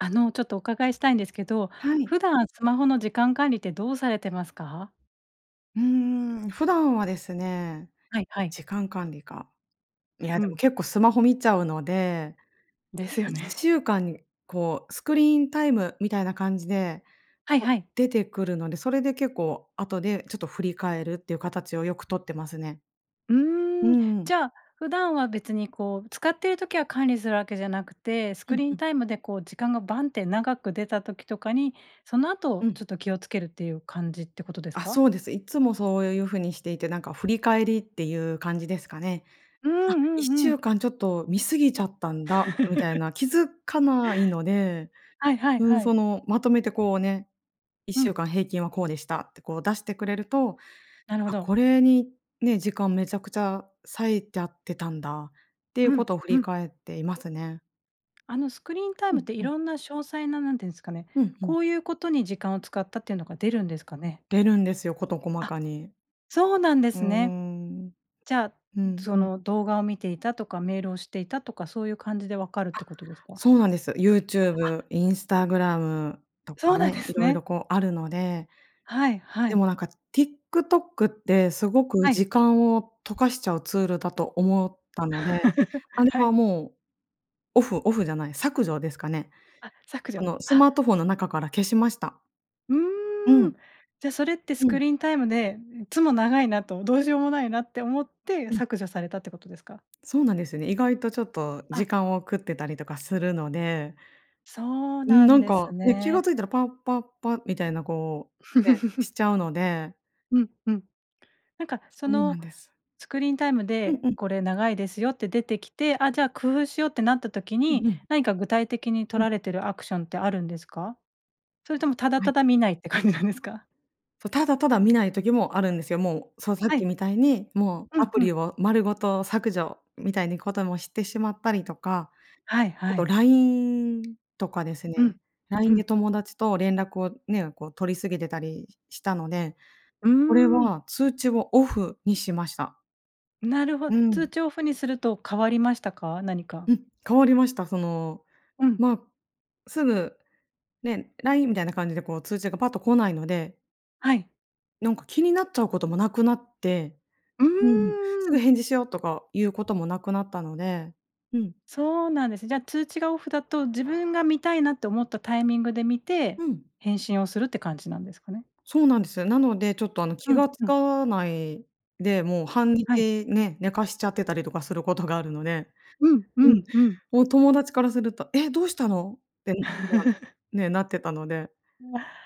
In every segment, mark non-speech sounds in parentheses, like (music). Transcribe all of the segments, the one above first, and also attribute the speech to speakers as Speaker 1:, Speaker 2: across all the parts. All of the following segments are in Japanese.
Speaker 1: あの、ちょっとお伺いしたいんですけど、
Speaker 2: はい。
Speaker 1: 普段スマホの時間管理ってどうされてますか？
Speaker 2: うーん。普段はですね、
Speaker 1: はいはい。
Speaker 2: 時間管理か。いや
Speaker 1: う
Speaker 2: でも
Speaker 1: ん。
Speaker 2: 結構スマホ見ちゃうので、
Speaker 1: です
Speaker 2: い
Speaker 1: よ
Speaker 2: っ
Speaker 1: ね。
Speaker 2: しゅうかんに、こうスクリーンタイムみたいな感じで、
Speaker 1: はい
Speaker 2: こう
Speaker 1: はい。
Speaker 2: 出てくるので、それで結構、後でちょっと振り返るっていう形をよく取ってますね。
Speaker 1: う
Speaker 2: うー
Speaker 1: ーん。
Speaker 2: ん。
Speaker 1: じゃあ、普段は別にこう、使っている時は管理するわけじゃなくて、ス
Speaker 2: う
Speaker 1: ク
Speaker 2: ん
Speaker 1: リー
Speaker 2: う
Speaker 1: ン
Speaker 2: ん。
Speaker 1: タイムでこう時間がバンって長く出た時とかに、その
Speaker 2: う
Speaker 1: 後
Speaker 2: ん。
Speaker 1: ちょっと気を付けるっていう感じってことです
Speaker 2: あ、
Speaker 1: か？
Speaker 2: そうです。いっつもそういう風にしていて、なんか振り返りっていう感じですかね。
Speaker 1: うん
Speaker 2: あ、い
Speaker 1: う
Speaker 2: っ
Speaker 1: ん
Speaker 2: し
Speaker 1: う
Speaker 2: ゅ
Speaker 1: ん。
Speaker 2: うかんちょっと見過ぎちゃったんだ、みたい
Speaker 1: (laughs)
Speaker 2: な、気付かないので。
Speaker 1: はいはい
Speaker 2: うーん、
Speaker 1: は
Speaker 2: そ
Speaker 1: い。
Speaker 2: の、まとめてこうね、いっ
Speaker 1: う
Speaker 2: しゅう
Speaker 1: ん。
Speaker 2: かん平均はこうでしたってこう出してくれると、
Speaker 1: なるほ
Speaker 2: あ、
Speaker 1: ど。
Speaker 2: これにね、時間めちゃくちゃ割いちゃってたんだ、っていう
Speaker 1: う
Speaker 2: こ
Speaker 1: ん、
Speaker 2: とを振
Speaker 1: う
Speaker 2: り
Speaker 1: ん。
Speaker 2: 返っていますね。
Speaker 1: あのスクリーンタイ
Speaker 2: う
Speaker 1: ムっ
Speaker 2: ん
Speaker 1: て
Speaker 2: うん。
Speaker 1: 色んな詳細な、なんて言うんですかね、
Speaker 2: うんうん。
Speaker 1: こういうことに時間を使ったっていうのが出るんですかね？
Speaker 2: 出るんですよ、事細
Speaker 1: あ。
Speaker 2: かに。
Speaker 1: そうなんで
Speaker 2: うー
Speaker 1: すね。
Speaker 2: ん。
Speaker 1: じゃあ、
Speaker 2: うん
Speaker 1: そ
Speaker 2: うん。
Speaker 1: の動画を見ていたとか、メールをしていたとか、そういう感じで分かるっ
Speaker 2: あ、
Speaker 1: てことですか？
Speaker 2: そうなんです。
Speaker 1: あ。
Speaker 2: YouTube、Instagram、と
Speaker 1: そ
Speaker 2: か
Speaker 1: うなん
Speaker 2: ね、
Speaker 1: です
Speaker 2: 色々
Speaker 1: ね。
Speaker 2: こうあるので。
Speaker 1: はいは
Speaker 2: でも
Speaker 1: い。
Speaker 2: なんか、TikTok ってすごく
Speaker 1: はい。
Speaker 2: 時間を溶かしちゃうツールだと思ったので、
Speaker 1: (laughs)
Speaker 2: あれ
Speaker 1: は
Speaker 2: は
Speaker 1: い。
Speaker 2: もう、オフオフじゃない、削除ですかね。
Speaker 1: あ、削
Speaker 2: あ
Speaker 1: 除、
Speaker 2: の、ス
Speaker 1: は。
Speaker 2: マートフォンの中から消しました。
Speaker 1: う
Speaker 2: う
Speaker 1: ーん。
Speaker 2: ん。
Speaker 1: じゃ、それってス
Speaker 2: う
Speaker 1: ク
Speaker 2: ん。
Speaker 1: リーンタイムで、いつも長いなと、どうしようもないなって思って、
Speaker 2: うん。
Speaker 1: 削除されたってことですか？
Speaker 2: そうなんですよね。意外とちょっと
Speaker 1: あ。
Speaker 2: 時間を食ってたりとかするので。
Speaker 1: そう
Speaker 2: うん、
Speaker 1: な
Speaker 2: な
Speaker 1: ん
Speaker 2: ん
Speaker 1: で
Speaker 2: か
Speaker 1: す
Speaker 2: ね、気が
Speaker 1: ね。
Speaker 2: 付いたらパッパッパみたいな、こう、ね、し
Speaker 1: (laughs)
Speaker 2: ちゃうので。
Speaker 1: うんうん。なんか、そ
Speaker 2: そうな
Speaker 1: の、
Speaker 2: んです。
Speaker 1: スクリーンタイム
Speaker 2: うん
Speaker 1: で
Speaker 2: うん。
Speaker 1: これ長いですよって出てきて、あ、じゃあ、工夫しようってなった時
Speaker 2: う
Speaker 1: に、
Speaker 2: んうん。
Speaker 1: 何か具体的に取
Speaker 2: うん。
Speaker 1: られてるアクションってあるんですか？それとも、ただ
Speaker 2: は
Speaker 1: た
Speaker 2: い。
Speaker 1: だ見ないって感じなんですか？
Speaker 2: そ、ただただ見ない時もあるんですよ。もう、そう、さっ
Speaker 1: は
Speaker 2: き
Speaker 1: い。
Speaker 2: みたいに、もう
Speaker 1: う
Speaker 2: ア
Speaker 1: ん
Speaker 2: プ
Speaker 1: うん。
Speaker 2: リを丸ごと削除、みたいにこともしてしまったりとか、
Speaker 1: はい
Speaker 2: あ
Speaker 1: は
Speaker 2: と
Speaker 1: い。
Speaker 2: LINE とかです
Speaker 1: うん。
Speaker 2: ね。
Speaker 1: う
Speaker 2: LINE で
Speaker 1: ん。
Speaker 2: 友達と連絡をね、こう取り過ぎてたりしたので、
Speaker 1: うー
Speaker 2: これ
Speaker 1: ん。
Speaker 2: は、通知をオフにしました。
Speaker 1: なるほ
Speaker 2: うん。
Speaker 1: 通知オフにすると変わりましたか？何
Speaker 2: う
Speaker 1: か。
Speaker 2: ん、変わりました。その、
Speaker 1: うん。
Speaker 2: まあ、すぐね、LINE みたいな感じで、こう通知がパッと来ないので
Speaker 1: はい。
Speaker 2: なんか気になっちゃうこともなくなって。
Speaker 1: う
Speaker 2: うん、す
Speaker 1: ー
Speaker 2: ぐ
Speaker 1: ん。
Speaker 2: 返事しようとか、いう事もなくなったので、うん。
Speaker 1: そうなんです。じゃあ、通知がオフだと自分が見たいなって思ったタイミングで見て、
Speaker 2: うん。
Speaker 1: 返信をするって感じなんですかね？
Speaker 2: そうなんです。なので、ちょっとあの
Speaker 1: う
Speaker 2: 気
Speaker 1: ん
Speaker 2: がつ
Speaker 1: うん。
Speaker 2: かないで、もう半
Speaker 1: はい。
Speaker 2: 日ね、寝かしちゃってたりとかすることがあるので。
Speaker 1: うん、う
Speaker 2: うん、
Speaker 1: ん、うん。
Speaker 2: もう友達からすると「え、どうしたの？」って (unintelligible)
Speaker 1: (laughs)
Speaker 2: ね、なってたので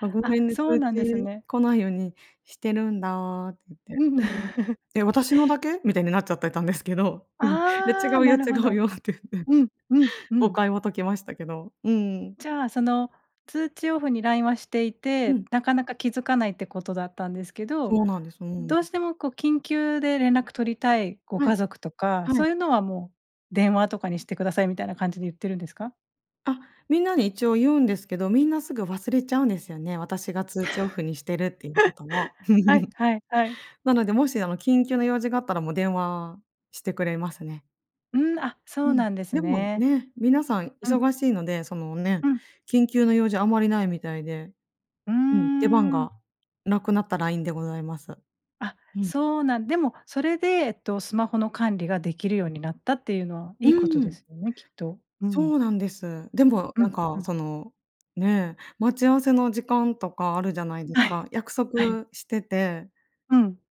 Speaker 2: 「あ、ご
Speaker 1: あ、
Speaker 2: めんね、
Speaker 1: そう
Speaker 2: 通
Speaker 1: なんです
Speaker 2: 知
Speaker 1: ね。
Speaker 2: 来ないようにしてるんだ」って言って。
Speaker 1: うん。
Speaker 2: うん。
Speaker 1: (chuckles)
Speaker 2: 「え、私のだけ？」みたいになっちゃってたんですけど、うん。「いや、
Speaker 1: ああ、
Speaker 2: 違う
Speaker 1: な
Speaker 2: よ。違
Speaker 1: るほ
Speaker 2: う
Speaker 1: ど。
Speaker 2: よ」って言って。
Speaker 1: うん、うん、う
Speaker 2: 誤
Speaker 1: ん。
Speaker 2: 解は解けましたけど。うーん。
Speaker 1: じゃあ、その通知オフに LINE はしてい
Speaker 2: う
Speaker 1: て、
Speaker 2: ん。
Speaker 1: なかなか気づかないって事だったんですけど、
Speaker 2: そうなんです。うん。
Speaker 1: どうしてもこう緊急で連絡取りたいご
Speaker 2: はい。
Speaker 1: 家族とか、
Speaker 2: は
Speaker 1: そ
Speaker 2: い。
Speaker 1: ういうのは、もう電話とかにして下さいみたいな感じで言ってるんですか？
Speaker 2: あ、みんなに一応言うんですけど、みんなすぐ忘れちゃうんですよね、私が通知オフにしてるっていうことを。
Speaker 1: (laughs) はい、
Speaker 2: (chuckles)
Speaker 1: はい、はい。
Speaker 2: なので、もしあの、緊急の用事があったらもう電話してくれますね。
Speaker 1: うん、あ、
Speaker 2: う
Speaker 1: そう
Speaker 2: ん、
Speaker 1: なんです
Speaker 2: でも
Speaker 1: ね。
Speaker 2: ね、皆さん
Speaker 1: うん。
Speaker 2: 忙しいので、そのね、
Speaker 1: うん。
Speaker 2: 緊急の用事あんまりないみたいで、
Speaker 1: うー
Speaker 2: うん、出番
Speaker 1: ん。
Speaker 2: がなくなった LINE でございます。
Speaker 1: あ、
Speaker 2: うん。
Speaker 1: そうなんでもそれで、えっと、スマホの管理ができるようになったっていうのは、い
Speaker 2: う
Speaker 1: いことで
Speaker 2: ん。
Speaker 1: すよね、きっと。う
Speaker 2: そ
Speaker 1: ん。
Speaker 2: うなんです。でも
Speaker 1: う
Speaker 2: なん
Speaker 1: ん、う
Speaker 2: か、
Speaker 1: ん。
Speaker 2: そのね、待ち合わせの時間とかあるじゃないです
Speaker 1: は
Speaker 2: か、
Speaker 1: い。
Speaker 2: 約束
Speaker 1: はい。
Speaker 2: してて
Speaker 1: うん。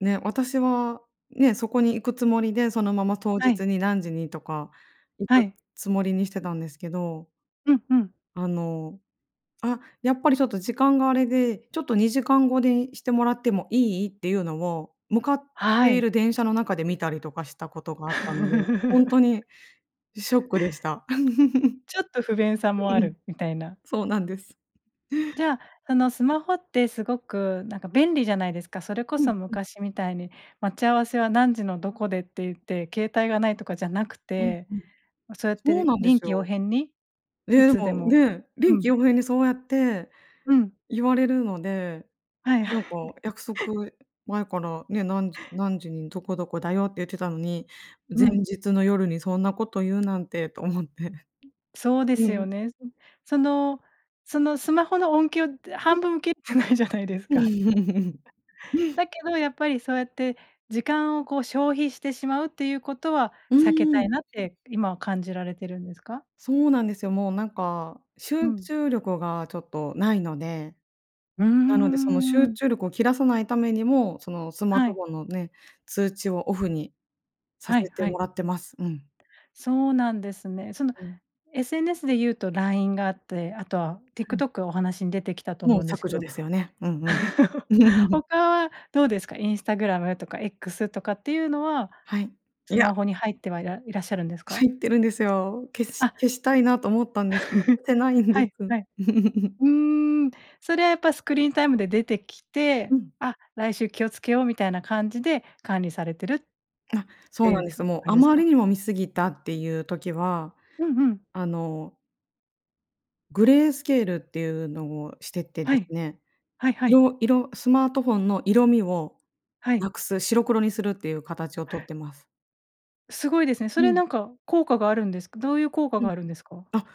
Speaker 2: ね、私はね、そこに行くつもりで、そのまま当
Speaker 1: は
Speaker 2: 日
Speaker 1: い。
Speaker 2: に何時にとか行
Speaker 1: は
Speaker 2: く
Speaker 1: い。
Speaker 2: つもりにしてたんですけど
Speaker 1: うん、うん。
Speaker 2: あの、「あ、やっぱりちょっと時間があれで、ちょっと2時間後でいしてもらってもいい？」っていうのを、向かっ
Speaker 1: は
Speaker 2: ている
Speaker 1: い。
Speaker 2: 電車の中で見たりとかしたことがあったので、ほんと
Speaker 1: (laughs)
Speaker 2: にショックでした。
Speaker 1: ちょっと不便
Speaker 2: (chuckles)
Speaker 1: さも
Speaker 2: う
Speaker 1: あ
Speaker 2: ん、
Speaker 1: るみたいな。
Speaker 2: そうなんです。
Speaker 1: じゃあ、その、スマホって凄くなんか便利じゃないですか、それこ
Speaker 2: うん。
Speaker 1: そ
Speaker 2: うん。
Speaker 1: 昔みたいに待ち合わせは何時のどこでってゆって、携帯がないとかじゃなく
Speaker 2: うん、
Speaker 1: て、
Speaker 2: うん、
Speaker 1: そうやっ
Speaker 2: そう
Speaker 1: て
Speaker 2: なんで
Speaker 1: 臨
Speaker 2: す
Speaker 1: 機応
Speaker 2: よ。
Speaker 1: 変に
Speaker 2: え
Speaker 1: い
Speaker 2: え、
Speaker 1: つで
Speaker 2: もう
Speaker 1: も、
Speaker 2: ね、
Speaker 1: う
Speaker 2: 臨機
Speaker 1: ん。
Speaker 2: 応変にそうやって
Speaker 1: うん。
Speaker 2: 言われるので、
Speaker 1: はいは
Speaker 2: な
Speaker 1: い。
Speaker 2: んか
Speaker 1: (chuckles)
Speaker 2: 約束、前からね、何時何時にどこどこだよって言ってたのに、
Speaker 1: う
Speaker 2: 前
Speaker 1: ん。
Speaker 2: 日の夜にそんなことゆうなんてと思って。
Speaker 1: そうで
Speaker 2: う
Speaker 1: すよ
Speaker 2: ん。
Speaker 1: ね。(unintelligible) そのそのスマホの音響って、
Speaker 2: うん。
Speaker 1: 半分切ってないじゃないですか。
Speaker 2: (chuckles)
Speaker 1: だけど、やっぱり、そうやって時間をこう消費してしまうっていうことは
Speaker 2: う
Speaker 1: 避け
Speaker 2: ー
Speaker 1: た
Speaker 2: ん。
Speaker 1: いなって、今は感じられてるんですか？
Speaker 2: そうなんですよ、もうなんか、
Speaker 1: う
Speaker 2: 集
Speaker 1: ん。
Speaker 2: 中力がちょっとないので、
Speaker 1: うー
Speaker 2: なのでその集
Speaker 1: ん。
Speaker 2: 中力を切らさないためにも、その、スマー
Speaker 1: は
Speaker 2: ト
Speaker 1: い。
Speaker 2: フォンのね、通知をオフにさ
Speaker 1: はい、
Speaker 2: せて
Speaker 1: は
Speaker 2: も
Speaker 1: い。
Speaker 2: らってます。うん。
Speaker 1: そうなんですね。その、
Speaker 2: うん。
Speaker 1: SNS でいうと LINE があって、あとは
Speaker 2: うん。
Speaker 1: TikTok がお話に出てきたと
Speaker 2: も
Speaker 1: 思
Speaker 2: う
Speaker 1: うんです
Speaker 2: 削
Speaker 1: け
Speaker 2: 除
Speaker 1: ど、
Speaker 2: ですよね。うんうん。
Speaker 1: (chuckles)
Speaker 2: (chuckles)
Speaker 1: ほかはどうですか？Instagram とか X とかっていうのは
Speaker 2: はい、い
Speaker 1: ス
Speaker 2: や。
Speaker 1: マホに入ってはいらいらっしゃるんですか？
Speaker 2: 入ってるんですよ。消し
Speaker 1: あ。
Speaker 2: 消したいなと思ったんですよ。
Speaker 1: (chuckles)
Speaker 2: (unintelligible) てないんで
Speaker 1: はい、
Speaker 2: す。
Speaker 1: はい。
Speaker 2: (chuckles)
Speaker 1: うーん、それはやっぱスクリーンタイムで出てき
Speaker 2: う
Speaker 1: て、
Speaker 2: ん。
Speaker 1: あ、来週気をつけようみたいな感じで管理されてるっ
Speaker 2: あ、そ
Speaker 1: て
Speaker 2: う
Speaker 1: い
Speaker 2: なん
Speaker 1: う
Speaker 2: で
Speaker 1: か、
Speaker 2: す。もう、
Speaker 1: 感
Speaker 2: あ
Speaker 1: じです
Speaker 2: まり
Speaker 1: か？
Speaker 2: にも見過ぎたっていう時は、
Speaker 1: うんうん。
Speaker 2: あのグレースケールっていうのをしててで
Speaker 1: は
Speaker 2: す
Speaker 1: い。
Speaker 2: ね、
Speaker 1: はいはい。
Speaker 2: 色色スマートフォンの色味を
Speaker 1: はい。
Speaker 2: 無くす、白黒にするっていうかたちをとっ
Speaker 1: へ。
Speaker 2: てます。
Speaker 1: すごいですね。
Speaker 2: う
Speaker 1: それな
Speaker 2: ん。
Speaker 1: んか効果があるんですか？どういう効果
Speaker 2: う
Speaker 1: が
Speaker 2: ん。
Speaker 1: あるんですか？
Speaker 2: あ、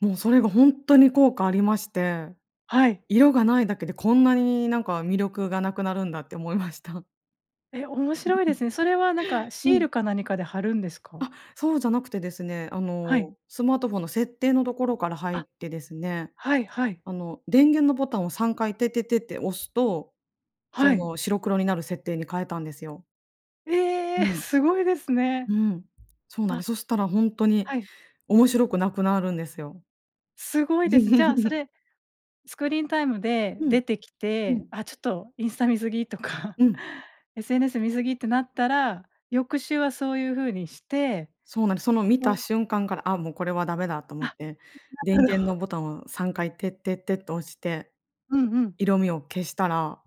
Speaker 2: もうそれがほんとに効果ありまして、
Speaker 1: はい。
Speaker 2: 色が無いだけで、こんなになんか魅力が無くなるんだって思いました。
Speaker 1: え、面白いですね。それはなんか
Speaker 2: (chuckles) う
Speaker 1: シー
Speaker 2: ん。
Speaker 1: ルか何かで貼るんですか？
Speaker 2: あ、そうじゃなくてですね、あ
Speaker 1: はい。
Speaker 2: の、スマートフォンの設定のところから入っ
Speaker 1: あ、
Speaker 2: てですね、
Speaker 1: はい、はい。
Speaker 2: あの、電源のボタンを3回、テッテッテって押すと、
Speaker 1: は
Speaker 2: そ
Speaker 1: い。
Speaker 2: の、白黒になる設定に変えたんですよ。
Speaker 1: ええ！
Speaker 2: うん。
Speaker 1: すごいですね。
Speaker 2: うん。そうなんで
Speaker 1: あ。
Speaker 2: す、そしたらほんとに
Speaker 1: はい。
Speaker 2: 面白くなくなるんですよ。
Speaker 1: すごいです。じゃあそ
Speaker 2: (chuckles)
Speaker 1: れ、スクリーンタイムで
Speaker 2: うん。
Speaker 1: 出てき
Speaker 2: う
Speaker 1: て、
Speaker 2: ん。
Speaker 1: あ、ちょっとインスタ見過ぎとか、
Speaker 2: うん。
Speaker 1: SNS 見過ぎってなったら、翌週はそういう風にして、
Speaker 2: そうなんです。その見た
Speaker 1: う
Speaker 2: 瞬間から、あ、もうこれはダメだと思
Speaker 1: あ、
Speaker 2: って、電源の
Speaker 1: (unintelligible)
Speaker 2: ボタンを3回、テッテッテっと押して、
Speaker 1: うんうん。
Speaker 2: 色味を消したら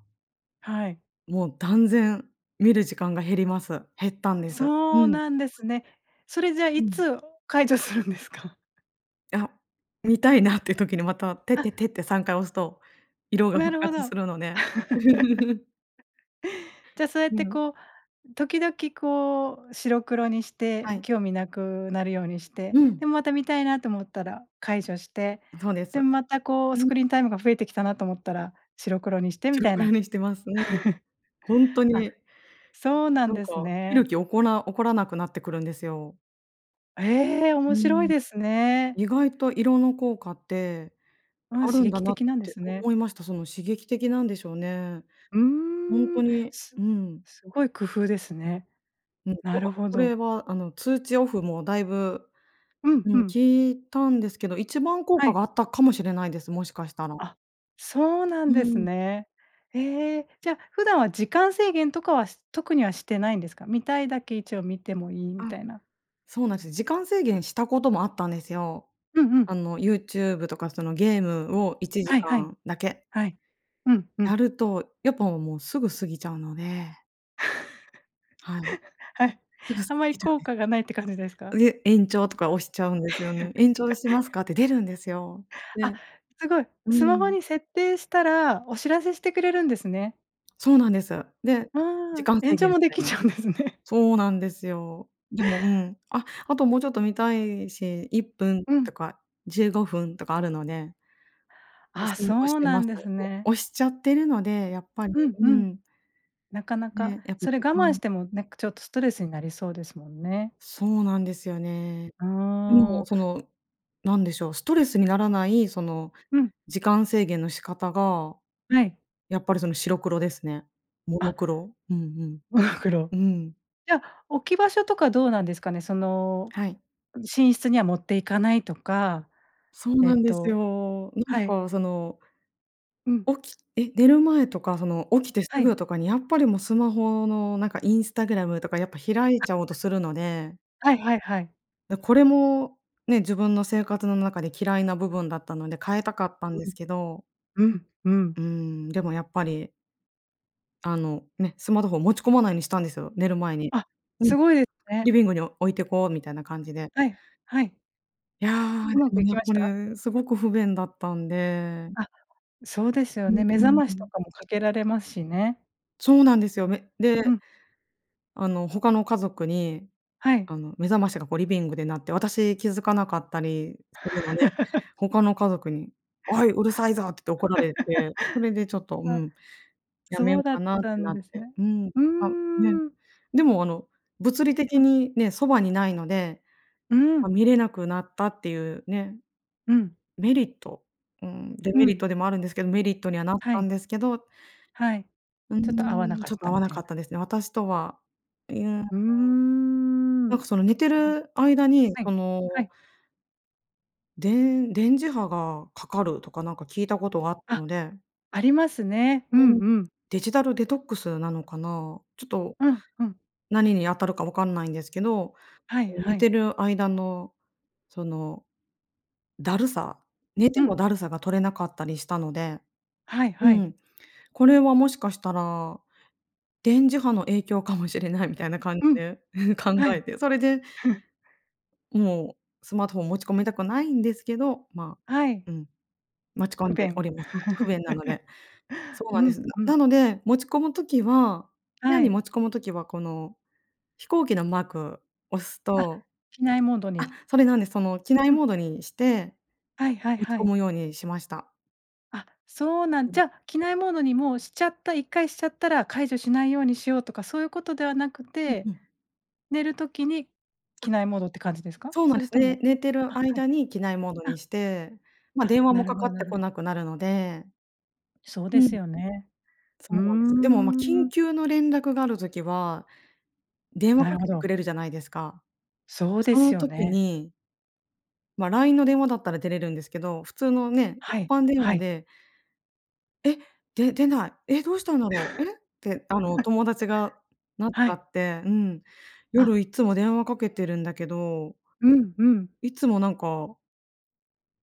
Speaker 1: はい。
Speaker 2: もう断然、見る時間が減ります。減ったんです。う
Speaker 1: そう
Speaker 2: ん。
Speaker 1: なんですね。それ、じゃあ
Speaker 2: う
Speaker 1: い
Speaker 2: ん。
Speaker 1: つ、解除するんですか？
Speaker 2: いあ、見たいなっていう時にまた、テッテッ
Speaker 1: あ。
Speaker 2: テって3回押すと、色が
Speaker 1: な
Speaker 2: 復
Speaker 1: るほ
Speaker 2: 活
Speaker 1: ど。
Speaker 2: するので。
Speaker 1: (laughs)
Speaker 2: (laughs)
Speaker 1: じゃあ、そうやっ
Speaker 2: う
Speaker 1: て
Speaker 2: ん。
Speaker 1: こう時々こう白黒にし
Speaker 2: は
Speaker 1: て
Speaker 2: い。
Speaker 1: 興味無くなるようにして、
Speaker 2: うん。
Speaker 1: で、また見たいなと思ったら解除して。
Speaker 2: うんそうです。
Speaker 1: で、またこうス
Speaker 2: うん。
Speaker 1: クリーンタイムが増えてきたなと思ったら白黒にしてみ
Speaker 2: 白
Speaker 1: たい
Speaker 2: 黒
Speaker 1: な。
Speaker 2: にしてます。うん。
Speaker 1: (chuckles)
Speaker 2: ほんと
Speaker 1: あ、
Speaker 2: に。
Speaker 1: そうなん
Speaker 2: なん
Speaker 1: です
Speaker 2: か、見る
Speaker 1: ね。
Speaker 2: 気おこら起こらなくなってくるんですよ。
Speaker 1: ええ、
Speaker 2: う
Speaker 1: 面白い
Speaker 2: ん。
Speaker 1: ですね。
Speaker 2: 意外と色の効果って
Speaker 1: うん、
Speaker 2: 有
Speaker 1: 刺
Speaker 2: るんだ
Speaker 1: 激
Speaker 2: なっ
Speaker 1: 的なんで
Speaker 2: て
Speaker 1: すね。
Speaker 2: 思いました。その刺激的なんでしょうね。
Speaker 1: う
Speaker 2: ほん
Speaker 1: ー
Speaker 2: と
Speaker 1: ん。
Speaker 2: に、
Speaker 1: すうん。
Speaker 2: うん。
Speaker 1: すごい工夫ですね。
Speaker 2: もう、こ
Speaker 1: なる
Speaker 2: う、あ、
Speaker 1: ほ
Speaker 2: これ
Speaker 1: ど。
Speaker 2: はあの通知オフもだいぶ、
Speaker 1: うん
Speaker 2: う
Speaker 1: う
Speaker 2: ん、効
Speaker 1: ん。
Speaker 2: いたんですけど、一番効
Speaker 1: は
Speaker 2: 果
Speaker 1: い。
Speaker 2: があったかもしれないです、もしかしたら。
Speaker 1: あ、そうな
Speaker 2: う
Speaker 1: んです
Speaker 2: ん。
Speaker 1: ね。え、じゃ、普段は時間制限とかは、す特にはしてないんですか？見たいだけ一応見てもいい
Speaker 2: あ、
Speaker 1: みたいな。
Speaker 2: そうなんですよ、時間制限したこともあったんですよ。
Speaker 1: うんうん。
Speaker 2: あの YouTube とかそのゲームをいちじ
Speaker 1: はい
Speaker 2: か
Speaker 1: はい。
Speaker 2: んだけ
Speaker 1: はい。うんう
Speaker 2: や
Speaker 1: ん。
Speaker 2: ると、やっぱもうすぐ過ぎちゃうので。はい。
Speaker 1: (laughs) はい、
Speaker 2: すぐ過
Speaker 1: あんまり
Speaker 2: ぎるよ
Speaker 1: 効
Speaker 2: ね。
Speaker 1: 果がないって感じですか？
Speaker 2: で、延長とか押しちゃうんですよね。延長します
Speaker 1: (laughs)
Speaker 2: かって出るんですよ、
Speaker 1: あ、
Speaker 2: で
Speaker 1: すごい。
Speaker 2: う
Speaker 1: スマホ
Speaker 2: ん。
Speaker 1: に設定したら、お知らせしてくれるんですね。
Speaker 2: そうなんです。で、
Speaker 1: う
Speaker 2: 時
Speaker 1: ーん。
Speaker 2: 間
Speaker 1: 延
Speaker 2: 制限
Speaker 1: 長
Speaker 2: み
Speaker 1: もで
Speaker 2: たい
Speaker 1: きち
Speaker 2: な。
Speaker 1: ゃうんですね。
Speaker 2: そうなんですよ。でも、うん、あ、あともうちょっと見たいし、1分
Speaker 1: う
Speaker 2: と
Speaker 1: ん。
Speaker 2: か15分とかあるので押
Speaker 1: あ、
Speaker 2: す押し
Speaker 1: そう
Speaker 2: て
Speaker 1: な
Speaker 2: ま
Speaker 1: ん
Speaker 2: す。
Speaker 1: です
Speaker 2: で、
Speaker 1: ね。
Speaker 2: 押しちゃってるので、やっぱり、
Speaker 1: うん
Speaker 2: う
Speaker 1: うん。
Speaker 2: ん。
Speaker 1: なかなか、
Speaker 2: ね、やっぱ
Speaker 1: それ
Speaker 2: 時
Speaker 1: 我慢し
Speaker 2: 間
Speaker 1: ても、なんかちょっとストレスになりそうですもんね。
Speaker 2: そうなんですよね。
Speaker 1: う
Speaker 2: で
Speaker 1: ー
Speaker 2: も、
Speaker 1: ん。
Speaker 2: その、何でしょう、ストレスにならない、その、
Speaker 1: うん。
Speaker 2: 時間制限の仕方が、
Speaker 1: はい。
Speaker 2: やっぱりその白黒ですね。モノ
Speaker 1: あ。
Speaker 2: クロ。うん
Speaker 1: モノクロ。
Speaker 2: うん。うん。
Speaker 1: じゃ、置き場所とかどうなんですかね、その、
Speaker 2: はい。
Speaker 1: 寝室には持って行かないとか、
Speaker 2: そう
Speaker 1: え
Speaker 2: な
Speaker 1: っ
Speaker 2: んです
Speaker 1: と
Speaker 2: よ。なん
Speaker 1: はい。
Speaker 2: かその
Speaker 1: うん。
Speaker 2: 起きえ、寝る前とかその起きてす
Speaker 1: はい。
Speaker 2: ぐとかに、やっぱりもうスマホのなんか Instagram とかやっぱ開いちゃおうとするので
Speaker 1: (unintelligible) はいはいはい。
Speaker 2: で、これもね、自分の生活の中で嫌いな部分だったので、変えたかったん
Speaker 1: う
Speaker 2: で
Speaker 1: ん。
Speaker 2: すけど。
Speaker 1: うん、う
Speaker 2: うー
Speaker 1: ん。
Speaker 2: ん、でもやっぱり。あのね、スマートフォンを持ち込まないようにしたんですよ、寝る前に。
Speaker 1: あ、
Speaker 2: うん。
Speaker 1: すごいで
Speaker 2: リ
Speaker 1: ね。
Speaker 2: ビングに置いてこう、みたいな感じで。
Speaker 1: はい、はい。
Speaker 2: いや。
Speaker 1: うまく
Speaker 2: い
Speaker 1: 行
Speaker 2: や、
Speaker 1: きま
Speaker 2: こ
Speaker 1: した？
Speaker 2: れすごく不便だったんで。
Speaker 1: あ、そうですよ
Speaker 2: うん
Speaker 1: ね、目
Speaker 2: う
Speaker 1: 覚
Speaker 2: ん
Speaker 1: ま
Speaker 2: う
Speaker 1: しと
Speaker 2: ん。
Speaker 1: かも掛けられますしね。
Speaker 2: そうなんですよ。め
Speaker 1: う
Speaker 2: で
Speaker 1: ん。
Speaker 2: あの他の家族に、
Speaker 1: はい。
Speaker 2: あの目覚ましがこうリビングで鳴って、私気づかなかったりするので、
Speaker 1: (laughs)
Speaker 2: 他の家族に、「おい、うるさいぞ」って怒られて、それでちょっと、
Speaker 1: (laughs)
Speaker 2: う
Speaker 1: あ、
Speaker 2: ん、やめ
Speaker 1: そ
Speaker 2: よ
Speaker 1: う
Speaker 2: う
Speaker 1: だ
Speaker 2: か
Speaker 1: っ
Speaker 2: なっ
Speaker 1: た
Speaker 2: て
Speaker 1: ん
Speaker 2: なっ
Speaker 1: です
Speaker 2: て
Speaker 1: ね。
Speaker 2: うん。
Speaker 1: う
Speaker 2: あ、ね。
Speaker 1: ーん。
Speaker 2: でもあの物理的
Speaker 1: うん。
Speaker 2: にね、傍に無いので、
Speaker 1: う
Speaker 2: ま、
Speaker 1: ん。
Speaker 2: 見れなくなったっていうね。
Speaker 1: うん。
Speaker 2: メリット、うーん、デ
Speaker 1: う
Speaker 2: メリッ
Speaker 1: ん。
Speaker 2: トでもあるんですけど、メリットにはなっ
Speaker 1: は
Speaker 2: たん
Speaker 1: い。
Speaker 2: ですけど、う
Speaker 1: はい。ちょっと合わな
Speaker 2: ーん、
Speaker 1: か
Speaker 2: ち
Speaker 1: っ
Speaker 2: ょっと
Speaker 1: た
Speaker 2: 合わ
Speaker 1: み
Speaker 2: な
Speaker 1: たい
Speaker 2: かっ
Speaker 1: な。
Speaker 2: たですね。私とは。え、うーん。
Speaker 1: うー
Speaker 2: な
Speaker 1: ん。
Speaker 2: んかその寝て
Speaker 1: そう。
Speaker 2: る間に
Speaker 1: はい、
Speaker 2: そ
Speaker 1: は
Speaker 2: の
Speaker 1: い。
Speaker 2: でん電磁波がかかるとかなんか聞いたことがあった
Speaker 1: あ、
Speaker 2: ので。
Speaker 1: ありますね。うん
Speaker 2: うん。
Speaker 1: うん。
Speaker 2: デジタルデトックスなのかな。ちょっと、
Speaker 1: うんうん。
Speaker 2: 何に当たるか分かんないんですけど、
Speaker 1: はい
Speaker 2: え、
Speaker 1: は
Speaker 2: 寝て
Speaker 1: い。
Speaker 2: る間の、その、だるさ、寝
Speaker 1: う
Speaker 2: ても
Speaker 1: ん。
Speaker 2: だるさが取れなかったりしたので。
Speaker 1: はい
Speaker 2: う
Speaker 1: はい。
Speaker 2: ん。これはもしかしたら、電磁波の影響かもしれないみたいな感じ
Speaker 1: うん。
Speaker 2: で、(chuckles) 考
Speaker 1: は
Speaker 2: え
Speaker 1: い。
Speaker 2: て、それで、
Speaker 1: ふん。
Speaker 2: もうスマートフォン持ち込みたくないんですけど、ま
Speaker 1: はい。
Speaker 2: あ、うん。持ち込
Speaker 1: 不
Speaker 2: んでお
Speaker 1: 便。
Speaker 2: ります。はい。不便なので。
Speaker 1: (laughs)
Speaker 2: そうな
Speaker 1: う
Speaker 2: んで
Speaker 1: ん
Speaker 2: す。
Speaker 1: うん。
Speaker 2: なので、持ち込むときは部屋
Speaker 1: は
Speaker 2: に
Speaker 1: い。
Speaker 2: 持ち込む時は、この飛行機のマーク押す
Speaker 1: あ、
Speaker 2: と
Speaker 1: 機内モード
Speaker 2: あ、
Speaker 1: に。
Speaker 2: それなんです。その機内
Speaker 1: うん。
Speaker 2: モードにして、
Speaker 1: はいはい
Speaker 2: 持ち
Speaker 1: は
Speaker 2: 込
Speaker 1: い。
Speaker 2: むようにしました。
Speaker 1: あ、そうなん
Speaker 2: うん。
Speaker 1: じゃ、機内モードにもうしちゃった1回しちゃったら、解除しないようにしようとかそういうことではなく
Speaker 2: うん
Speaker 1: て、
Speaker 2: うん。
Speaker 1: 寝る時に、
Speaker 2: あ。
Speaker 1: 機内モードって感じですか？
Speaker 2: そうなん
Speaker 1: そ
Speaker 2: で
Speaker 1: れ
Speaker 2: す
Speaker 1: と
Speaker 2: ね。
Speaker 1: も
Speaker 2: 寝てる
Speaker 1: あ、はい
Speaker 2: 間に機内モードに
Speaker 1: あ。
Speaker 2: して、ま、
Speaker 1: あ、
Speaker 2: 電話
Speaker 1: な
Speaker 2: も
Speaker 1: る
Speaker 2: か
Speaker 1: ほ
Speaker 2: かっ
Speaker 1: どな
Speaker 2: て
Speaker 1: る
Speaker 2: こ
Speaker 1: ほど。
Speaker 2: なくなるので。
Speaker 1: そうで
Speaker 2: う
Speaker 1: す
Speaker 2: ん。
Speaker 1: よね。う
Speaker 2: そ
Speaker 1: ー
Speaker 2: うです。でも、ま、緊
Speaker 1: ん。
Speaker 2: 急の連絡がある時は、電話
Speaker 1: な
Speaker 2: か
Speaker 1: るほ
Speaker 2: けて
Speaker 1: ど。
Speaker 2: くれるじゃないですか。
Speaker 1: そうで
Speaker 2: その
Speaker 1: すよ
Speaker 2: 時
Speaker 1: ね。
Speaker 2: にま、LINE の電話だったら出れるんですけど、普通のね、一
Speaker 1: はい。
Speaker 2: 般電
Speaker 1: は
Speaker 2: 話
Speaker 1: い。
Speaker 2: で「え、で出ない。え、どうしたんだろう。え？」ってあの、
Speaker 1: (laughs)
Speaker 2: 友達がなっち
Speaker 1: は
Speaker 2: ゃ
Speaker 1: い。
Speaker 2: って。うん、「夜
Speaker 1: あ。
Speaker 2: いっつも電話かけてるんだけど
Speaker 1: うんうん。
Speaker 2: いつもなんか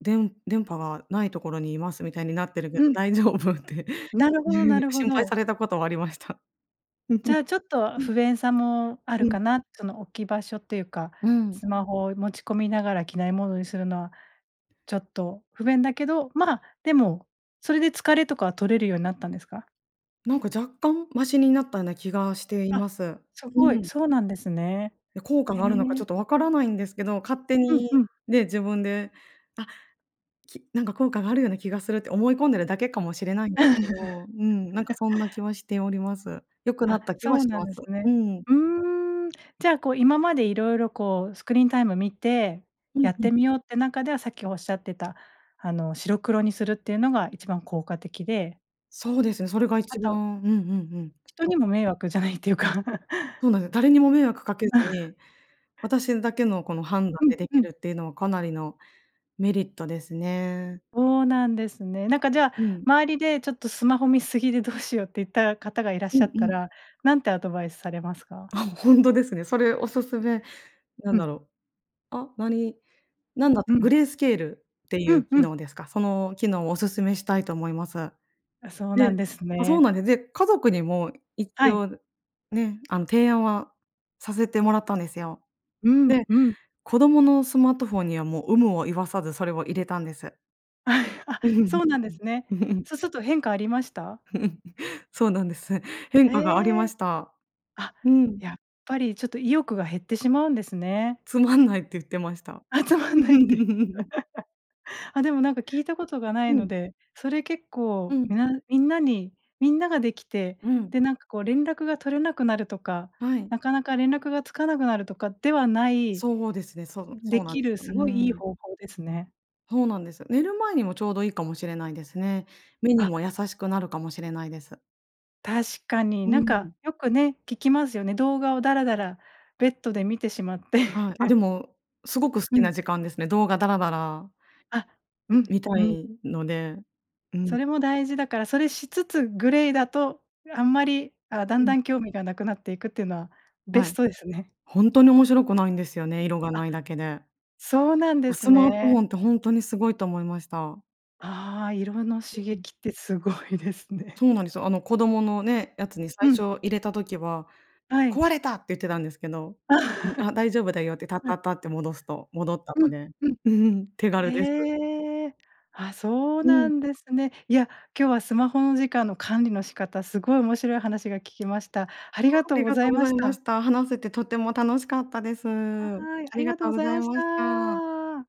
Speaker 2: でん-電波が無いところに居ますみたいになってるけど
Speaker 1: うん。
Speaker 2: 大丈夫？」って、
Speaker 1: なるほどなるほ
Speaker 2: 心配さ
Speaker 1: ど。
Speaker 2: れたことはありました。
Speaker 1: じゃ
Speaker 2: (laughs)
Speaker 1: あちょっと、不便さもある
Speaker 2: うん。
Speaker 1: かな。その置き場所っていうか、
Speaker 2: うん。
Speaker 1: スマホを持ち込みながら機内モードにするのは、ちょっと不便だけど、まあ、でも、それで疲れとかは取れるようになったんですか？
Speaker 2: なんか若干マシになったような気がしてい
Speaker 1: あ、
Speaker 2: ます。
Speaker 1: す
Speaker 2: う
Speaker 1: ごい、
Speaker 2: ん。
Speaker 1: そうなんですね。
Speaker 2: や、効果
Speaker 1: へ
Speaker 2: があるのかちょっ
Speaker 1: え。
Speaker 2: と分からないんですけど、勝手
Speaker 1: うん
Speaker 2: に
Speaker 1: うん。
Speaker 2: ね、自分で、あ、きなんか効果があるような気がするって思い込んでるだけかもしれないんですけどうん。なんかそんな気
Speaker 1: (laughs)
Speaker 2: はしております。良くな
Speaker 1: あ、
Speaker 2: った気は
Speaker 1: そう
Speaker 2: し
Speaker 1: なん
Speaker 2: ま
Speaker 1: で
Speaker 2: す。
Speaker 1: す
Speaker 2: う
Speaker 1: ね。
Speaker 2: ん。
Speaker 1: うーん。じゃあこう今まで色々こうスクリーンタイム見て、
Speaker 2: うん
Speaker 1: やっ
Speaker 2: うん。
Speaker 1: てみようって中では、さっき仰ってた、あの白黒にするっていうのが一番効果的で
Speaker 2: そうですね。それが
Speaker 1: あ
Speaker 2: 一
Speaker 1: と
Speaker 2: 番、うんうんうん。
Speaker 1: 人にも、
Speaker 2: (unintelligible)
Speaker 1: 迷惑じゃないっていうか。
Speaker 2: そう
Speaker 1: (laughs)
Speaker 2: なんです。誰にも迷惑かけず
Speaker 1: (laughs)
Speaker 2: に、私だけのこの判断
Speaker 1: うん
Speaker 2: でで
Speaker 1: う
Speaker 2: き
Speaker 1: ん。
Speaker 2: るっていうのは、かなりのメリットですね。
Speaker 1: そうなんですね。なんか、じゃあ、
Speaker 2: うん。
Speaker 1: 周りで、ちょっと、スマホ見過ぎでどうしようっていった方がいらっ
Speaker 2: う
Speaker 1: しゃ
Speaker 2: ん
Speaker 1: っ
Speaker 2: う
Speaker 1: た
Speaker 2: ん。
Speaker 1: ら、何てアドバイスされますか？
Speaker 2: あ、本当ですね。それ、おすすめ、なん
Speaker 1: う
Speaker 2: だ
Speaker 1: ん。
Speaker 2: ろう。あ、何なんだっ
Speaker 1: う
Speaker 2: た、
Speaker 1: ん。
Speaker 2: グレースケールってい
Speaker 1: う
Speaker 2: う
Speaker 1: ん
Speaker 2: 機
Speaker 1: うん。
Speaker 2: 能ですか。その機能を、お勧めしたいと思います。
Speaker 1: あ、そう
Speaker 2: で
Speaker 1: なんです
Speaker 2: あ、そう
Speaker 1: ね。
Speaker 2: なんでで、家族にも一
Speaker 1: はい。
Speaker 2: 応ね、あの、提案はさせてもらったんですよ。
Speaker 1: うん
Speaker 2: で、
Speaker 1: うん。
Speaker 2: 子供のスマートフォンには、もう、有無を言わさず、それを入れたんです。
Speaker 1: あ、
Speaker 2: う、う
Speaker 1: そ
Speaker 2: ん。
Speaker 1: うなんですね。
Speaker 2: (laughs)
Speaker 1: そうすると変化ありました？
Speaker 2: (laughs) そうなんです。変
Speaker 1: え
Speaker 2: 化がありま
Speaker 1: え。
Speaker 2: した。
Speaker 1: あ、
Speaker 2: うん。
Speaker 1: やっぱりちょっと、意欲が減ってしまうんですね。
Speaker 2: つまんないって、言ってました。
Speaker 1: あ、つまんないって。
Speaker 2: (laughs)
Speaker 1: (laughs) あ、でもなんか、聞いたことがない
Speaker 2: う
Speaker 1: の
Speaker 2: ん。
Speaker 1: で、それ、結
Speaker 2: う
Speaker 1: 構、
Speaker 2: ん。
Speaker 1: みなみんなにみんなができて、
Speaker 2: うん。
Speaker 1: で、なんかこう、連絡が取れなくなるとか、
Speaker 2: はい。
Speaker 1: なかなか連絡がつかなくなるとかではない
Speaker 2: そうですね。そう
Speaker 1: で
Speaker 2: そうなん
Speaker 1: き
Speaker 2: です
Speaker 1: る、
Speaker 2: よ。う
Speaker 1: すごい良い
Speaker 2: ん。
Speaker 1: 方法ですね。
Speaker 2: ほうなんです。寝る前にも、ちょうどいいかもしれないですね。目に
Speaker 1: あ。
Speaker 2: も優しくなるかもしれないです。
Speaker 1: 確かに。
Speaker 2: う
Speaker 1: なん
Speaker 2: ん。
Speaker 1: か、よくね、聞きますよね。動画をダラダラ、ベッドで観てしまって。
Speaker 2: はい、あ、でも、すごく好
Speaker 1: う
Speaker 2: き
Speaker 1: ん。
Speaker 2: な時間ですね。動画ダラダラ
Speaker 1: あ、うん
Speaker 2: み観た
Speaker 1: うん。
Speaker 2: いので。うん。
Speaker 1: それも大事だから、それしつつ、グレーだとあんまり、あ、だん
Speaker 2: う
Speaker 1: だ
Speaker 2: ん。
Speaker 1: ん興味がなくなっていくっていうのは、ベ
Speaker 2: は
Speaker 1: ス
Speaker 2: い。
Speaker 1: トですね。
Speaker 2: 本当に面白くないんですよね。色が
Speaker 1: あ、
Speaker 2: ないだけで。
Speaker 1: そうなんで
Speaker 2: あ、
Speaker 1: す
Speaker 2: スマートフ
Speaker 1: ね。
Speaker 2: ォンって本当にすごいと思いました。
Speaker 1: ああ、色の刺激って、すごいですね。
Speaker 2: そうなんですよ。あの、子供のね、やつに、最
Speaker 1: うん。
Speaker 2: 初入れた時は、
Speaker 1: はい。
Speaker 2: 壊れたって言ってたんですけど、
Speaker 1: (laughs) は
Speaker 2: あ、大丈夫だよって、タッタッ
Speaker 1: い。
Speaker 2: タッて戻すと戻った
Speaker 1: う
Speaker 2: の
Speaker 1: ん
Speaker 2: で、
Speaker 1: うん。
Speaker 2: (laughs) 手軽です。
Speaker 1: へえ。あ、そう
Speaker 2: う
Speaker 1: な
Speaker 2: ん。
Speaker 1: んですね。いや、今日は、スマホの時間の管理の仕方、すごい面白い話が聞けました。ありが
Speaker 2: あ
Speaker 1: とう
Speaker 2: り
Speaker 1: ご
Speaker 2: が
Speaker 1: ざ
Speaker 2: とう
Speaker 1: い
Speaker 2: ご
Speaker 1: ま
Speaker 2: ざい
Speaker 1: し
Speaker 2: ま
Speaker 1: た。
Speaker 2: した。話せて、とても楽しかったです。あ
Speaker 1: はい、あ
Speaker 2: り
Speaker 1: り
Speaker 2: が
Speaker 1: がとう
Speaker 2: とう
Speaker 1: ご
Speaker 2: ご
Speaker 1: ざい
Speaker 2: ざい
Speaker 1: まし
Speaker 2: ました。
Speaker 1: た。